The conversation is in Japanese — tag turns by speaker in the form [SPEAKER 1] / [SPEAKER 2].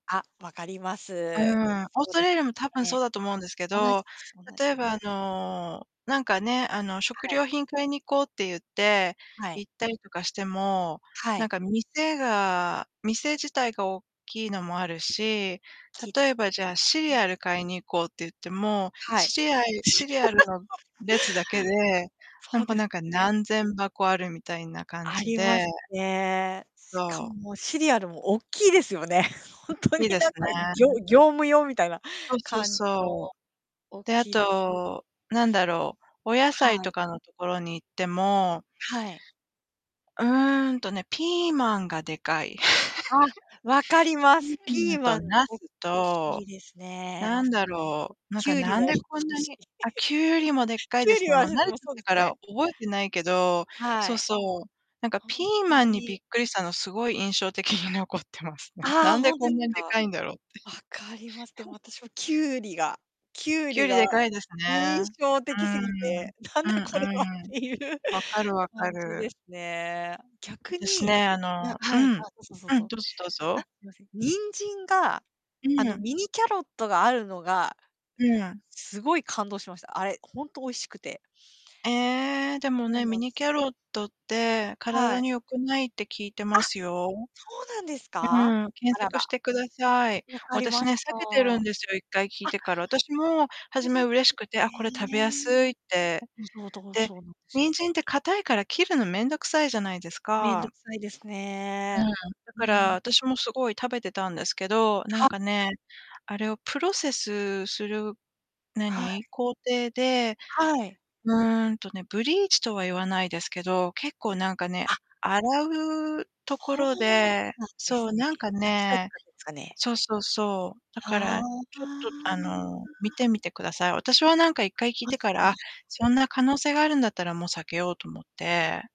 [SPEAKER 1] あ、分かります。
[SPEAKER 2] うーん、オース
[SPEAKER 1] そ
[SPEAKER 2] ト
[SPEAKER 1] で
[SPEAKER 2] ラ
[SPEAKER 1] す
[SPEAKER 2] リアも多分そう
[SPEAKER 1] ね。
[SPEAKER 2] だと思うんですけ
[SPEAKER 1] 同
[SPEAKER 2] ど、
[SPEAKER 1] じです同
[SPEAKER 2] 例
[SPEAKER 1] じ
[SPEAKER 2] え
[SPEAKER 1] で
[SPEAKER 2] ばあのなんかね、あの食
[SPEAKER 1] はい。
[SPEAKER 2] 料品買いに行こうって言って
[SPEAKER 1] はい。
[SPEAKER 2] 行ったりとかしても、
[SPEAKER 1] は
[SPEAKER 2] なん
[SPEAKER 1] い。
[SPEAKER 2] か店が店自体がおっきいのもあるし、
[SPEAKER 1] きいで
[SPEAKER 2] 例え
[SPEAKER 1] す
[SPEAKER 2] ばじゃあシ
[SPEAKER 1] ね。
[SPEAKER 2] リ
[SPEAKER 1] はいはい。
[SPEAKER 2] アル買いに行こうって言っても、
[SPEAKER 1] はい。
[SPEAKER 2] シリアシリアルの 列だけでな
[SPEAKER 1] そう
[SPEAKER 2] んか
[SPEAKER 1] です
[SPEAKER 2] なんか
[SPEAKER 1] ね。
[SPEAKER 2] 何千箱あるみたいな感
[SPEAKER 1] あ
[SPEAKER 2] じ
[SPEAKER 1] りま
[SPEAKER 2] で
[SPEAKER 1] すね。しか
[SPEAKER 2] そ
[SPEAKER 1] も、
[SPEAKER 2] う。
[SPEAKER 1] もうシリアルもおっきいですよね。ほ
[SPEAKER 2] おっ
[SPEAKER 1] んとに
[SPEAKER 2] きいで
[SPEAKER 1] なん
[SPEAKER 2] す
[SPEAKER 1] かぎょ
[SPEAKER 2] ね。
[SPEAKER 1] 業務用みたいな
[SPEAKER 2] そっそっ
[SPEAKER 1] 感じの
[SPEAKER 2] そう。
[SPEAKER 1] おっ
[SPEAKER 2] で、あ
[SPEAKER 1] きい
[SPEAKER 2] と、何だろう、お野菜
[SPEAKER 1] は
[SPEAKER 2] と
[SPEAKER 1] い。
[SPEAKER 2] かのところに行っても
[SPEAKER 1] はい。
[SPEAKER 2] うーんとね、ピーマンがでかい。
[SPEAKER 1] あ、分かり ま
[SPEAKER 2] ピ
[SPEAKER 1] す。
[SPEAKER 2] ーマ
[SPEAKER 1] ピ
[SPEAKER 2] ン
[SPEAKER 1] ー
[SPEAKER 2] と
[SPEAKER 1] マン
[SPEAKER 2] 茄
[SPEAKER 1] 大
[SPEAKER 2] 子
[SPEAKER 1] き
[SPEAKER 2] と、
[SPEAKER 1] いですね、
[SPEAKER 2] な
[SPEAKER 1] 茄
[SPEAKER 2] ん
[SPEAKER 1] 子
[SPEAKER 2] だ
[SPEAKER 1] も。
[SPEAKER 2] ろう、なん
[SPEAKER 1] き
[SPEAKER 2] か
[SPEAKER 1] ゅうり
[SPEAKER 2] なん
[SPEAKER 1] もおっ
[SPEAKER 2] でこん
[SPEAKER 1] きい
[SPEAKER 2] な
[SPEAKER 1] し。
[SPEAKER 2] に、あ、きゅうりもでっ か
[SPEAKER 1] き
[SPEAKER 2] い
[SPEAKER 1] ゅ
[SPEAKER 2] で
[SPEAKER 1] う
[SPEAKER 2] す
[SPEAKER 1] り
[SPEAKER 2] ね。も
[SPEAKER 1] は
[SPEAKER 2] う
[SPEAKER 1] そ、
[SPEAKER 2] 慣れ
[SPEAKER 1] もう
[SPEAKER 2] ちゃっ
[SPEAKER 1] そうで
[SPEAKER 2] た
[SPEAKER 1] す
[SPEAKER 2] から
[SPEAKER 1] ね。
[SPEAKER 2] 覚えてないけど、
[SPEAKER 1] は
[SPEAKER 2] そう
[SPEAKER 1] い。
[SPEAKER 2] そう。なんか
[SPEAKER 1] ほ
[SPEAKER 2] ピ
[SPEAKER 1] ん
[SPEAKER 2] ー
[SPEAKER 1] と
[SPEAKER 2] マンにび
[SPEAKER 1] に。
[SPEAKER 2] っくりしたのすごい印象的に残ってますね。
[SPEAKER 1] あ
[SPEAKER 2] な
[SPEAKER 1] あ、
[SPEAKER 2] んで
[SPEAKER 1] ほんとで
[SPEAKER 2] こ
[SPEAKER 1] す
[SPEAKER 2] んなにで
[SPEAKER 1] か。
[SPEAKER 2] かいんだろうって。
[SPEAKER 1] 分かります。でも 私はきゅうりがきゅう
[SPEAKER 2] きゅう
[SPEAKER 1] り
[SPEAKER 2] り
[SPEAKER 1] が
[SPEAKER 2] でかいです
[SPEAKER 1] 印
[SPEAKER 2] ね。
[SPEAKER 1] 象
[SPEAKER 2] うー
[SPEAKER 1] 的す
[SPEAKER 2] ん、
[SPEAKER 1] ぎて、なん
[SPEAKER 2] うん
[SPEAKER 1] だこれはっ
[SPEAKER 2] うん。
[SPEAKER 1] ていう
[SPEAKER 2] 分かる分か
[SPEAKER 1] 感じで
[SPEAKER 2] る。
[SPEAKER 1] すね。逆
[SPEAKER 2] です
[SPEAKER 1] に
[SPEAKER 2] ね、あ
[SPEAKER 1] あ、
[SPEAKER 2] のう
[SPEAKER 1] はい、あ、
[SPEAKER 2] ん
[SPEAKER 1] どうぞどう
[SPEAKER 2] うん、
[SPEAKER 1] ぞ。
[SPEAKER 2] どうぞどう
[SPEAKER 1] あ、
[SPEAKER 2] ぞ。
[SPEAKER 1] すいません、人参が、
[SPEAKER 2] う
[SPEAKER 1] あの、
[SPEAKER 2] ん。
[SPEAKER 1] ミニキャロットがあるのが、
[SPEAKER 2] うん。
[SPEAKER 1] すごい感動しました。あれ、ほんと美味しくて。
[SPEAKER 2] ええ、でも
[SPEAKER 1] そう
[SPEAKER 2] ね、
[SPEAKER 1] な
[SPEAKER 2] ミ
[SPEAKER 1] んです。
[SPEAKER 2] ニキャロットって
[SPEAKER 1] は
[SPEAKER 2] 体
[SPEAKER 1] い。
[SPEAKER 2] に良くないって聞いて
[SPEAKER 1] あ、
[SPEAKER 2] ますよ。
[SPEAKER 1] そうなんです
[SPEAKER 2] う
[SPEAKER 1] か。
[SPEAKER 2] ん、検
[SPEAKER 1] あら
[SPEAKER 2] 索
[SPEAKER 1] ら。
[SPEAKER 2] してください。
[SPEAKER 1] 分かり
[SPEAKER 2] 私
[SPEAKER 1] ま
[SPEAKER 2] ね、
[SPEAKER 1] し
[SPEAKER 2] 避
[SPEAKER 1] た。
[SPEAKER 2] けてるん
[SPEAKER 1] あ
[SPEAKER 2] ですよ、1回聞いてから。私も
[SPEAKER 1] そ
[SPEAKER 2] 初
[SPEAKER 1] うだ
[SPEAKER 2] め
[SPEAKER 1] ったん
[SPEAKER 2] 嬉
[SPEAKER 1] で
[SPEAKER 2] しくて、
[SPEAKER 1] す
[SPEAKER 2] あ、これ食べやす
[SPEAKER 1] ね。
[SPEAKER 2] いって。
[SPEAKER 1] うん、そう、だから
[SPEAKER 2] で、
[SPEAKER 1] そうなんですよ。
[SPEAKER 2] 人参って硬いから切るの面倒くさいじゃないです
[SPEAKER 1] めんど
[SPEAKER 2] か。
[SPEAKER 1] くさいです
[SPEAKER 2] う
[SPEAKER 1] ね。
[SPEAKER 2] ーん。だ
[SPEAKER 1] う
[SPEAKER 2] から
[SPEAKER 1] ん。
[SPEAKER 2] 私もすごい食べてたんですけど、なん
[SPEAKER 1] は
[SPEAKER 2] かね、あれをプロセスする、な
[SPEAKER 1] はい。
[SPEAKER 2] に、工程で、
[SPEAKER 1] はい。
[SPEAKER 2] うーんとね、ブリーチとは言わないですけど、結構なんかね、
[SPEAKER 1] あ
[SPEAKER 2] 洗うとこ
[SPEAKER 1] そう
[SPEAKER 2] ろで、
[SPEAKER 1] なんで
[SPEAKER 2] そう、
[SPEAKER 1] すね。
[SPEAKER 2] なんか
[SPEAKER 1] 薬剤使
[SPEAKER 2] ね
[SPEAKER 1] ってんすかね。
[SPEAKER 2] そうそうそう。だか
[SPEAKER 1] はあ、わ
[SPEAKER 2] ら、ちょっ
[SPEAKER 1] あ。
[SPEAKER 2] とあの、見てみてください。私はなんかいっ
[SPEAKER 1] 分か
[SPEAKER 2] かい
[SPEAKER 1] り
[SPEAKER 2] 聞い
[SPEAKER 1] ま
[SPEAKER 2] て
[SPEAKER 1] し
[SPEAKER 2] から、あ、
[SPEAKER 1] た。
[SPEAKER 2] そんな可能性があるんだったらもう避けようと思って